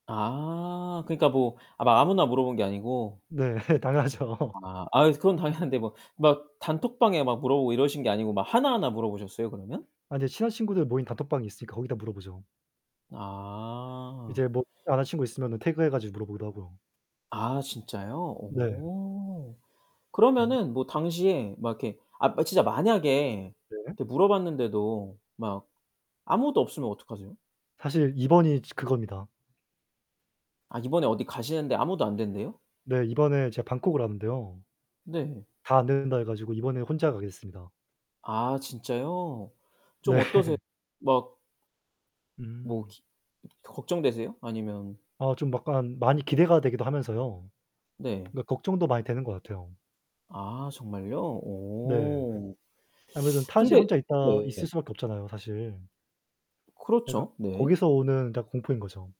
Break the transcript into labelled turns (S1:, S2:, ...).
S1: 아 그러니까 뭐 아 막 아무나 물어본 게 아니고.
S2: 네. 당연하죠.
S1: 아. 아유 그건 당연한데 뭐 막 단톡방에 막 물어보고 이러신 게 아니고 막 하나하나 물어보셨어요 그러면?
S2: 아 근데 친한 친구들 모인 단톡방이 있으니까 거기다 물어보죠.
S1: 아.
S2: 이제 뭐 여자친구 있으면은 태그해 가지고 물어보기도 하고요.
S1: 아 진짜요?
S2: 네.
S1: 어.
S2: 음.
S1: 그러면은 뭐 당시에 막 이렇게 아 막 진짜 만약에
S2: 네.
S1: 이렇게 물어봤는데도 막 아무것도 없으면 어떡하세요?
S2: 사실 이번이 이제 그겁니다.
S1: 아 이번에 어디 가시는데 아무도 안 된대요?
S2: 네 이번에 제가 방콕으로 가는데요
S1: 네.
S2: 다 안 된다 해 가지고 이번에 혼자 가게 됐습니다.
S1: 아 진짜요? 좀 어떠세요?
S2: 네.
S1: 막 뭐
S2: 음.
S1: 기 걱정되세요? 아니면
S2: 아 좀 약간 많이 기대가 되기도 하면서요
S1: 네.
S2: 그러니까 걱정도 많이 되는 것 같아요.
S1: 아 정말요?
S2: 네.
S1: 오.
S2: 아무래도 타지에
S1: 근데
S2: 혼자 있다
S1: 네.
S2: 있을 수 밖에 없잖아요 사실. 그러니까
S1: 그렇죠. 네.
S2: 거기서 오는 다 공포인 거죠.